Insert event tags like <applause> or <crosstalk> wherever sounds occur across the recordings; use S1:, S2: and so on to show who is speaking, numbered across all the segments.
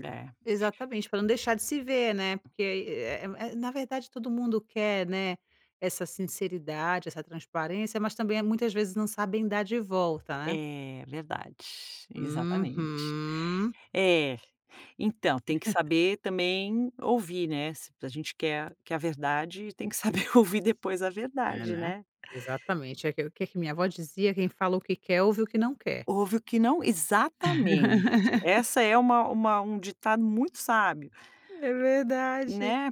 S1: É.
S2: Exatamente, para não deixar de se ver, né, porque aí, eh eh, na verdade todo mundo quer, né, essa sinceridade, essa transparência, mas também muitas vezes não sabem dar de volta, né?
S1: É verdade, exatamente.
S2: Uhum.
S1: É, então tem que
S2: <chuckles>
S1: saber também ouvir, né, se a gente quer quer a verdade tem que saber ouvir depois a
S2: É,
S1: verdade,
S2: né,
S1: né.
S2: exatamente, é o que que minha vó dizia: "Quem fala o que quer, ouve o que não quer."
S1: Ouve o que não exatamente.
S2: <laughs>
S1: Essa é uma uma um ditado muito sábio.
S2: É verdade.
S1: Né.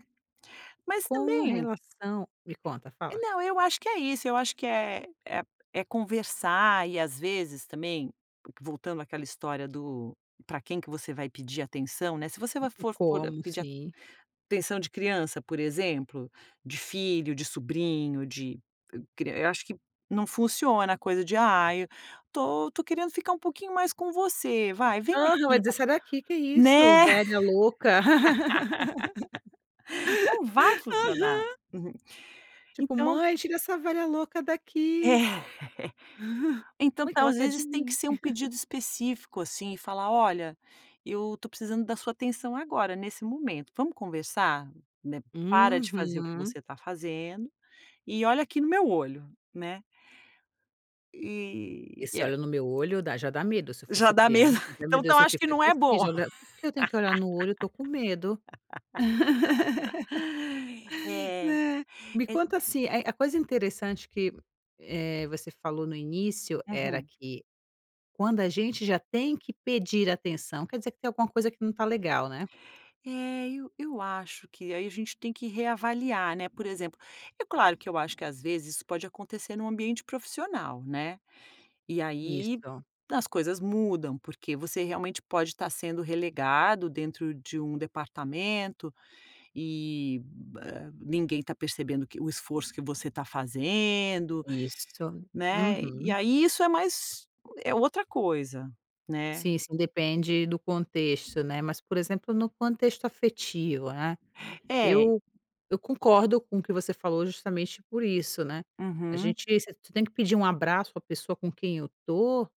S1: Mas
S2: Com
S1: também
S2: relação me conta, fala.
S1: Não, eu acho que é isso, eu acho que é é é conversar e, às vezes também, voltando àquela história do para quem que você vai pedir atenção, né, se você
S2: Não
S1: vai
S2: tem
S1: for for
S2: como,
S1: pedir
S2: sim.
S1: atenção de criança, por exemplo, de filho, de sobrinho, de cri eu acho que não funciona a coisa de "Ai, estou estou querendo ficar um pouquinho mais com você, vai. vem
S2: Aham, vai
S1: aqui
S2: dizer:
S1: está."
S2: "Sai daqui. Que isso?
S1: Né.
S2: Velha louca." <laughs> Aham.
S1: <laughs> Não vai funcionar. <chuckles>
S2: Tipo:
S1: Então
S2: "Mãe, tira essa velha louca daqui."
S1: É. Então
S2: "Mãe, o que
S1: tá,
S2: ela
S1: às
S2: quer de
S1: vezes tem que
S2: mim?"
S1: ser um
S2: <chuckles>
S1: pedido específico, assim, e falar: "Olha, eu estou precisando da sua atenção agora nesse momento, vamos conversar? Né, para de fazer o que
S2: Uhum.
S1: você está fazendo e olha aqui no meu olho, né." Eh,
S2: Esse
S1: é.
S2: olho no meu olho dá já dá medo, se eu a
S1: Já
S2: fosse
S1: dá medo,
S2: criança:
S1: <chuckles> então
S2: "Meu
S1: então
S2: Deus, o
S1: acho
S2: que
S1: que
S2: que
S1: não
S2: eu
S1: é
S2: fiz,
S1: bom.
S2: olha, porque eu tenho que olhar no olho, eu estou com medo."
S1: <laughs>
S2: <laughs>
S1: É,
S2: Né. Me
S1: é
S2: conta, assim, a a coisa interessante que, eh, você falou no início era
S1: Uhum.
S2: que quando a gente já tem que pedir atenção quer dizer que tem alguma coisa que não está legal, né.
S1: É, e eu acho que aí a gente tem que reavaliar, né, por exemplo, é claro que eu acho que às vezes isso pode acontecer em um ambiente profissional, né. E aí
S2: Isso.
S1: as coisas mudam, porque você realmente pode estar sendo relegado dentro de um departamento, e, hã, ninguém está percebendo que o esforço que você está fazendo,
S2: Isso.
S1: né. E
S2: Uhum.
S1: aí isso é mais é outra coisa, né.
S2: Sim, sim. Depende do contexto, né, mas, por exemplo, no contexto afetivo, né,
S1: É.
S2: eu eu concordo com o que você falou, justamente por isso, né. A
S1: Uhum.
S2: gente você tem que pedir um abraço à pessoa com quem eu to